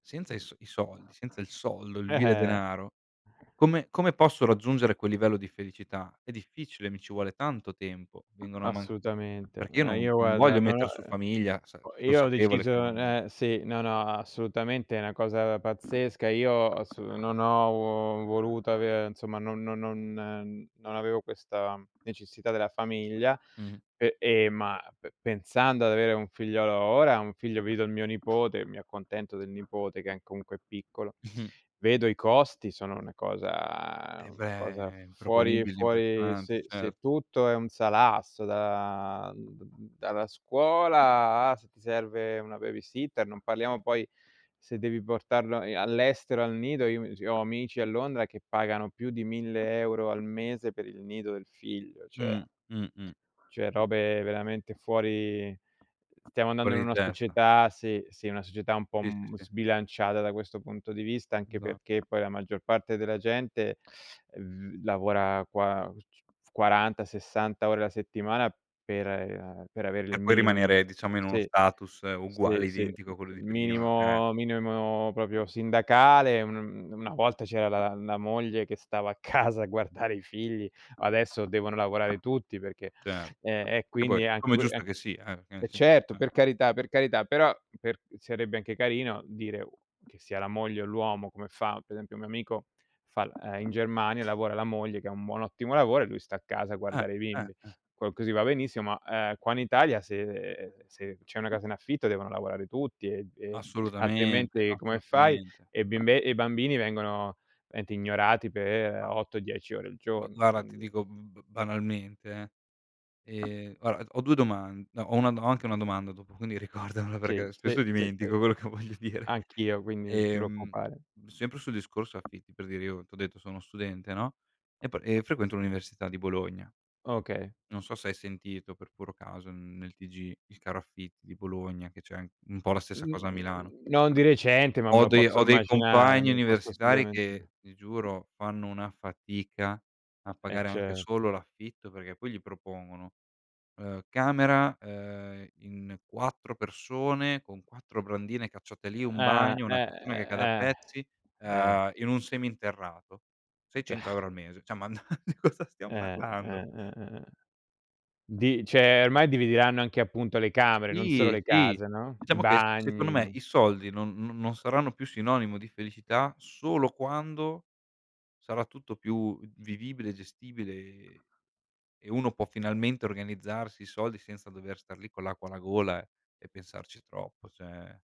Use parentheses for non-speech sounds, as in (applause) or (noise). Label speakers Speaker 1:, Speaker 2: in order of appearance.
Speaker 1: Senza i s i soldi, senza il soldo, il
Speaker 2: Eh,
Speaker 1: vile
Speaker 2: eh.
Speaker 1: denaro, come come posso raggiungere quel livello di felicità? È difficile, mi ci vuole tanto tempo, vengono a man
Speaker 2: Assolutamente.
Speaker 1: perché io
Speaker 2: Eh,
Speaker 1: non
Speaker 2: io
Speaker 1: non
Speaker 2: guarda,
Speaker 1: voglio
Speaker 2: non ho
Speaker 1: metter su
Speaker 2: uhm,
Speaker 1: famiglia sa
Speaker 2: ho io ho
Speaker 1: consapevole che
Speaker 2: deciso
Speaker 1: non
Speaker 2: eh, sì. No, no, assolutamente, è una cosa pazzesca. Io assu non ho uo voluto avere insomma no non non non avevo questa necessità della famiglia,
Speaker 1: Mh.
Speaker 2: e e ma pe pensando ad avere un figliolo ora, un figlio vedo il mio nipote, mi accontento del nipote che è n comunque è piccolo.
Speaker 1: (chuckles)
Speaker 2: Vedo i costi, sono una cosa
Speaker 1: Eh,
Speaker 2: una cosa
Speaker 1: beh.
Speaker 2: fuori
Speaker 1: Improponibili,
Speaker 2: fuori
Speaker 1: impressionante,
Speaker 2: se se
Speaker 1: certo.
Speaker 2: tutto è un salasso da d da dalla scuola a se ti serve una babysitter, non parliamo poi se devi portarlo, ehm, all'estero, al nido, io mi ci ho amici a Londra che pagano più di 1000 € al mese per il nido del figlio, cioè.
Speaker 1: Mh. Mh, mh.
Speaker 2: Cioè robe veramente fuori stiamo andando
Speaker 1: Fuori
Speaker 2: in
Speaker 1: di
Speaker 2: una
Speaker 1: testa.
Speaker 2: società sì, sì. Una società un po'
Speaker 1: Sì, sì,
Speaker 2: m
Speaker 1: sì.
Speaker 2: sbilanciata da questo punto di vista, anche
Speaker 1: Esa
Speaker 2: perché poi la maggior parte della gente (unintelligible) lavora qua (unintelligible) 40, 60 ore la settimana per, ehm, a per avere il
Speaker 1: Per poi
Speaker 2: minimo n
Speaker 1: rimanere, diciamo, in uno
Speaker 2: sì.
Speaker 1: status
Speaker 2: Sì,
Speaker 1: uguale
Speaker 2: sì.
Speaker 1: identico a quello di prima. Eh.
Speaker 2: Minimo minimo proprio sindacale, mhmm, una volta c'era la la moglie che stava a casa a guardare i figli, adesso devono lavorare tutti perché
Speaker 1: Cer
Speaker 2: ehm, e
Speaker 1: Che poi,
Speaker 2: quindi è anche
Speaker 1: come è
Speaker 2: u
Speaker 1: giusto che
Speaker 2: anche
Speaker 1: sia, eh. Perché, nel
Speaker 2: eh,
Speaker 1: senso
Speaker 2: certo!
Speaker 1: eh.
Speaker 2: Per carità, per carità. Però, per sarebbe anche carino dire o che sia la moglie o l'uomo come fa per esempio, un mio amico fa l uhm, in Germania, lavora la moglie che ha un buon ottimo lavoro e lui sta a casa a
Speaker 1: Eh.
Speaker 2: guardare i
Speaker 1: Eh,
Speaker 2: bimbi.
Speaker 1: eh.
Speaker 2: Co così va benissimo, ma, ehm, qua in Italia se se c'è una casa in affitto devono lavorare tutti ed e
Speaker 1: Assolutamente,
Speaker 2: altrimenti come fai?
Speaker 1: assolutamente.
Speaker 2: E bimbe e i bambini vengono ente ignorati pe'
Speaker 1: Ah.
Speaker 2: 8, 10 ore al
Speaker 1: Ma
Speaker 2: giorno,
Speaker 1: guarda, ti
Speaker 2: quindi.
Speaker 1: dico b banalmente, eh. Ehm, guarda d ho 2 doman no, ho 1 do ho anche 1 domanda dopo, quindi ricordamela
Speaker 2: Sì,
Speaker 1: perché spesso
Speaker 2: sì, sì, sì.
Speaker 1: dimentico quello che voglio dire.
Speaker 2: Anch'io, quindi non ti
Speaker 1: Ehm,
Speaker 2: preoccupare.
Speaker 1: sempre sul discorso affitti per dire, io t'ho detto sono uno studente no, e pe e frequento l'università di Bologna.
Speaker 2: Okay.
Speaker 1: Non so se hai sentito per puro caso n nel TG, il caro affitti di Bologna che c'è an un po' la stessa
Speaker 2: N
Speaker 1: cosa a Milano
Speaker 2: n non di recente, ma me
Speaker 1: ho
Speaker 2: lo
Speaker 1: dei
Speaker 2: posso
Speaker 1: ho dei
Speaker 2: immaginare,
Speaker 1: compagni
Speaker 2: me lo posso
Speaker 1: universitari
Speaker 2: assolutamen
Speaker 1: che ti
Speaker 2: (unintelligible)
Speaker 1: giuro fanno una fatica a
Speaker 2: Eh,
Speaker 1: pagare anche
Speaker 2: certo.
Speaker 1: solo l'affitto, perché poi gli propongono, ehm, camera, uhm, in 4 persone con 4 brandine, cacciate lì, 1
Speaker 2: Ah.
Speaker 1: bagno, una
Speaker 2: Eh,
Speaker 1: cucina che cade a
Speaker 2: eh, eh.
Speaker 1: pezzi,
Speaker 2: Eh.
Speaker 1: uhm, in un seminterrato,
Speaker 2: D
Speaker 1: seicento
Speaker 2: (sighs)
Speaker 1: euro al mese. Cioè, ma n (chuckles) di cosa stiam
Speaker 2: Eh,
Speaker 1: parlando?
Speaker 2: eh, eh, eh. Di cioè, ormai divideranno anche appunto le camere, non solo
Speaker 1: Sì.
Speaker 2: le
Speaker 1: Sì.
Speaker 2: case, no? I
Speaker 1: Diciamo che s secondo me
Speaker 2: bagni.
Speaker 1: i soldi non no non saranno più sinonimo di felicità solo quando sarà tutto più vivibile e gestibile, e e uno può finalmente organizzarsi i soldi senza dover star lì con l'acqua alla gola e pensarci troppo, cioè